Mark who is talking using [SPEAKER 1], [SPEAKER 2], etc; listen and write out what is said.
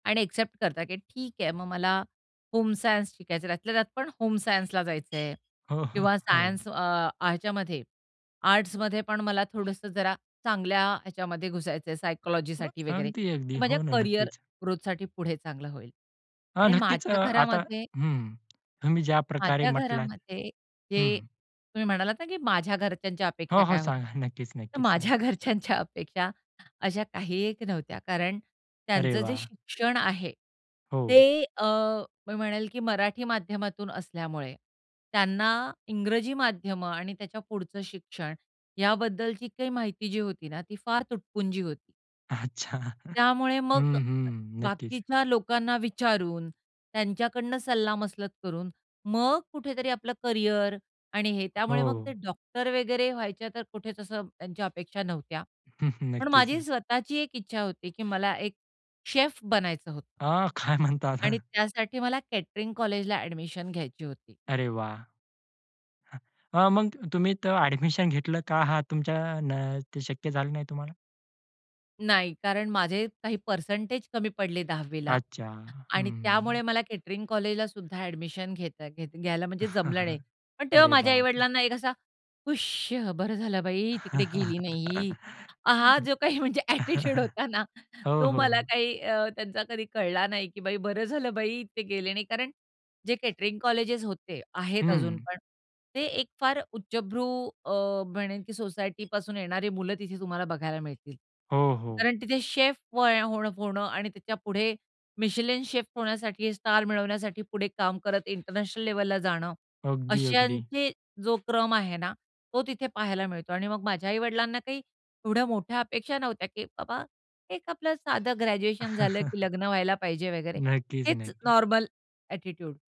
[SPEAKER 1] आणि अ‍ॅक्सेप्ट करतात की ठीक आहे. मग मला, होम सायन्स शिकायचय, त्यातल्या त्यात पण होम सायन्सला जायचंय
[SPEAKER 2] हो, हो,
[SPEAKER 1] किंवा
[SPEAKER 2] हो.
[SPEAKER 1] सायन्स अ, ह्याच्यामध्ये आर्ट्समध्ये पण मला थोडसं जरा, चांगल्या ह्याच्यामध्ये घुसायचय
[SPEAKER 2] हं.
[SPEAKER 1] सायकॉलॉजीसाठी वगैरे.
[SPEAKER 2] अगदी, अगदी.
[SPEAKER 1] ते माझ्या
[SPEAKER 2] हो ना,
[SPEAKER 1] करियर
[SPEAKER 2] नक्कीच.
[SPEAKER 1] ग्रोथसाठी पुढे चांगलं होईल
[SPEAKER 2] हां,
[SPEAKER 1] आणि
[SPEAKER 2] नक्कीच अ,
[SPEAKER 1] माझ्या
[SPEAKER 2] आता
[SPEAKER 1] घरामध्ये
[SPEAKER 2] हं. तुम्ही ज्या प्रकारे
[SPEAKER 1] माझ्या
[SPEAKER 2] म्हटलात
[SPEAKER 1] घरामध्ये
[SPEAKER 2] हं,
[SPEAKER 1] जे
[SPEAKER 2] हं.
[SPEAKER 1] तुम्ही म्हणालात ना, की माझ्या घरच्यांच्या
[SPEAKER 2] हो,
[SPEAKER 1] अपेक्षा
[SPEAKER 2] हो,
[SPEAKER 1] काय
[SPEAKER 2] सांगा.
[SPEAKER 1] होत्या,
[SPEAKER 2] नक्कीच,
[SPEAKER 1] तर
[SPEAKER 2] नक्कीच. सांगा.
[SPEAKER 1] माझ्या घरच्यांच्या अपेक्षा अशा काही एक नव्हत्या. कारण
[SPEAKER 2] अरे
[SPEAKER 1] त्यांचं जे
[SPEAKER 2] वाह!
[SPEAKER 1] शिक्षण आहे,
[SPEAKER 2] हो.
[SPEAKER 1] ते अ, मी म्हणेल की मराठी माध्यमातून असल्यामुळे, त्यांना इंग्रजी माध्यमं आणि त्याच्या पुढचं शिक्षण, याबद्दलची काही माहिती जी होती ना, ती फार तुटपुंजी होती.
[SPEAKER 2] अच्छा.
[SPEAKER 1] त्यामुळे मग
[SPEAKER 2] हं, हं. नक्कीच.
[SPEAKER 1] बाकीच्या लोकांना विचारून, त्यांच्याकडून सल्लामसलत करून मग कुठेतरी आपलं करिअर आणि हे. त्यामुळे मग ते
[SPEAKER 2] हो.
[SPEAKER 1] डॉक्टर वगैरे व्हायच्या तर कुठेच असं त्यांच्या अपेक्षा नव्हत्या. पण
[SPEAKER 2] नक्कीच,
[SPEAKER 1] माझी
[SPEAKER 2] न
[SPEAKER 1] स्वतःची एक इच्छा होती, की मला एक शेफ बनायचं होतं.
[SPEAKER 2] अ, काय
[SPEAKER 1] आणि
[SPEAKER 2] म्हणतात?
[SPEAKER 1] त्यासाठी मला केटरिंग कॉलेजला अ‍ॅडमिशन घ्यायची होती.
[SPEAKER 2] अरे वाह! हं. अ, मग तुम्ही तर अ‍ॅडमिशन घेतलं का? हां, तुमच्या न ते शक्य झालं नाही तुम्हाला?
[SPEAKER 1] नाही, कारण माझे काही पर्सेंटेज कमी पडले 10वी ला
[SPEAKER 2] अच्छा,
[SPEAKER 1] आणि
[SPEAKER 2] हं.
[SPEAKER 1] त्यामुळे मला केटरिंग कॉलेजलासुद्धा अ‍ॅडमिशन घेता घेता घ्यायला म्हणजे जमलं नाही. पण तेव्हा
[SPEAKER 2] अरे
[SPEAKER 1] माझ्या
[SPEAKER 2] बापरे!
[SPEAKER 1] आई-वडिलांना एक असा, "हुश! बरं झालं, बाई तिकडे गेली नाही." हां, जो काही म्हणजे अ‍ॅटिट्यूड होता ना,
[SPEAKER 2] हो,
[SPEAKER 1] तो
[SPEAKER 2] हो,
[SPEAKER 1] मला
[SPEAKER 2] हो.
[SPEAKER 1] काही अ, त्यांचा कधी कळला नाही, की "बाई, बरं झालं बाई, ते गेले नाही." कारण जे केटरिंग कॉलेजेस होते, आहेत अजून
[SPEAKER 2] हं.
[SPEAKER 1] पण. ते एक फार उच्चभ्रू अ, म्हणेन की सोसायटीपासून येणारी मुलं तिथे तुम्हाला बघायला मिळतील.
[SPEAKER 2] हो, हो.
[SPEAKER 1] कारण तिथे शेफ [unintelligible] होणं आणि त्याच्यापुढे मिशेलिन शेफ होण्यासाठी, स्टार मिळवण्यासाठी पुढे काम करत इंटरनॅशनल लेव्हलला जाणं,
[SPEAKER 2] अगदी, अगदी.
[SPEAKER 1] अशांचे जो क्रम आहे ना, तो तिथे पाहायला मिळतो. आणि मग माझ्या आई-वडिलांना काही, एवढ्या मोठ्या अपेक्षा नव्हत्या, की बाबा एक आपलं साधं ग्रॅज्युएशन झालं, की लग्न व्हायला पाहिजे वगैरे
[SPEAKER 2] नक्कीच,
[SPEAKER 1] हेच
[SPEAKER 2] नक्कीच.
[SPEAKER 1] Normal attitude.